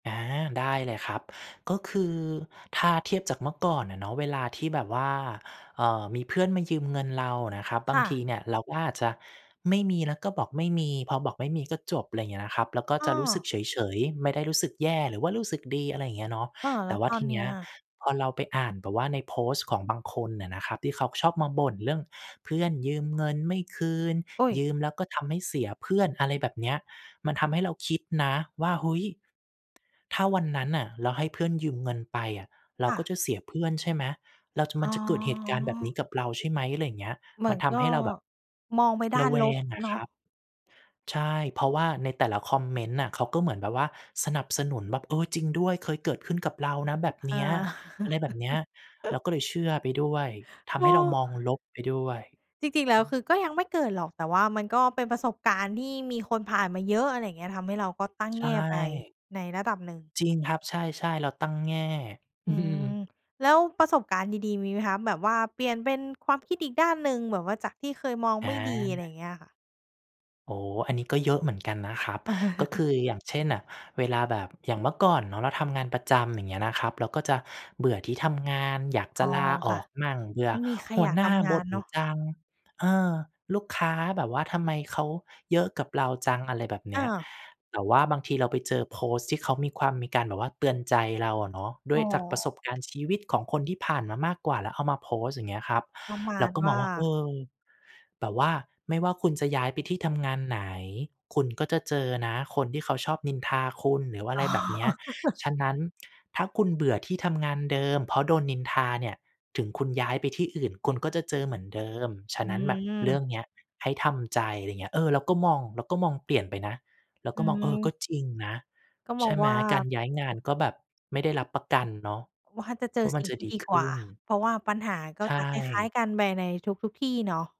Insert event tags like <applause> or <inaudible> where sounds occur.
อา ได้เลยครับ ก็คือถ้าเทียบจากเมื่อก่อนน่ะเนาะ เวลาที่แบบว่า เอ่อ มีเพื่อนมายืมเงินเรานะครับ บคา่งทีะ เนี่ย เราก็อาจจะไม่มี เราก็บอกไม่มี พอบอกไม่มีก็จบ อะไรอย่างเงี้ยนะครับ เราก็อ้จะรู้สึอ กเฉย ๆ ไม่ได้รู้สึกแย่ หรือว่ารู้สึกดี อะไรอย่างเงี้ยเนาะ เออ แแลต้่วว่ตาอทนีเเนีน้ี้ยยอะ? พอเราไปอ่านแบบว่า ในโพสต์ของบางคนน่ะนะครับ ที่เขาชอบมาบ่นเรื่องเพื่อนยืมเงินไม่คืน อุ๊ย ยืมแล้วก็ทำให้เสียเพื่อน อะไรแบบเนี้ย มันทำให้เราคิดนะว่า เฮ้ย! ถ้าวันนั้นน่ะ เราให้เพื่อนยืมเงินไปอะ เราค่กะ ็จะเสียเพื่อนใช่ไหม เราจะ อม๋ันจะเกิดเหตุการณ์แบบนีอ ้กับเราใช่ไหม อะไรอย่างเงี้ย เหมมืัอนนทก็ ำให้เราแบบมองไปด้ราะนแวลบงอะเนาคระ ับ ใช่ เพราะว่า ในแต่ละคอมเมนต์น่ะ เขาก็เหมือนแบบว่า สนับสนุนแบบ เออ จริงด้วย เคยเกิดขึ้นกับเรานะแบบเอนี้ย า อะไรแบบเนี้ย เรา<chuckles> ก็เลยเชื่อไปด้วย ทเำให้เราออ มองลบไปด้วย อจริง ๆ แล้ว ืคม ือก็ยังไม่เกิดหรอก แต่ว่ามันก็เป็นประสบการณ์ที่มีคนผ่านมาเยอะ อะไรอย่างเงี้ย ทำให้เราก็ตั้งใชแง่ไป่ ในระดับหนึ่ง จริงครับ ใช่ ๆ เราตั้งแง่ อือืม ม แล้วประสบการณ์ดี ๆ มีไหมคะ? แบบว่าเปลี่ยนเป็นความคิดอีกด้านหนึ่ง แบบว่าจากที่เคยมองอไม่ดี อะไรอย่าา งเงี้ยค่ะ อ๋อ อันนี้ก็เยอะเหมือนกันนะครับ ก็ค<chuckles> ือ อย่างเช่นน่ะ เวลาแบบ อย่างเมื่อก่อนเนาะ เราทำงานประจำ อย่างเงี้ยนะครับ เราก็จะเบื่อที่ทำงาน อยากจอ๋ะอ ลาอค่ะ อกมั่ง เบื่ไมอ่มีใครหัอยวากหนท้าำงบาน่นเนาะ จัง เออ ลูกค้าแบบว่าทำไมเขาเยอะกับเราจัง อะไรแบบเนอี้ย า แต่ว่าบางทีเราไปเจอโพสต์ที่เขามีความ มีการแบบว่าเตือนใจเราอะเนาะ ดอ้๋วยจากประสอ บการณ์ชีวิตของคนที่ผ่านมามากกว่า แล้วเอามาโพสต์ อย่างเงี้ยครับ ประมาเราณก็วมอ่งา ว่า เออ แบบว่าไม่ว่าคุณจะย้ายไปที่ทำงานไหน คุณก็จะเจอนะ คนที่เขาชอบนินทาคุณ หรือว่าออะไ๋รแบอ บเนี้ย <chuckles> ฉะนั้น ถ้าคุณเบื่อที่ทำงานเดิมเพราะโดนนินทาเนี่ย ถึงคุณย้ายไปที่อื่น คุณก็จะเจอเหมือนเดิม ฉอะืนั้นแบบเรื่ม องเนี้ย ให้ทำใจ อะไรอย่างเงี้ย เออ เราก็มอง เราก็มองเปลี่ยนไปนะ เราอก็มอง เออ กืม ็จริงนะ ก็มใชอง่ไหม ว่า การย้ายงานก็แบบไม่ได้รับประกันเนาะว่าจะเจวอ่า มสันิ่งจะที่ดีดีขกว่ึา ้น เพราะว่าปัญหาก็ใชจะคล้าย ่ ๆ กันไปในทุก ๆ ที่เนาะ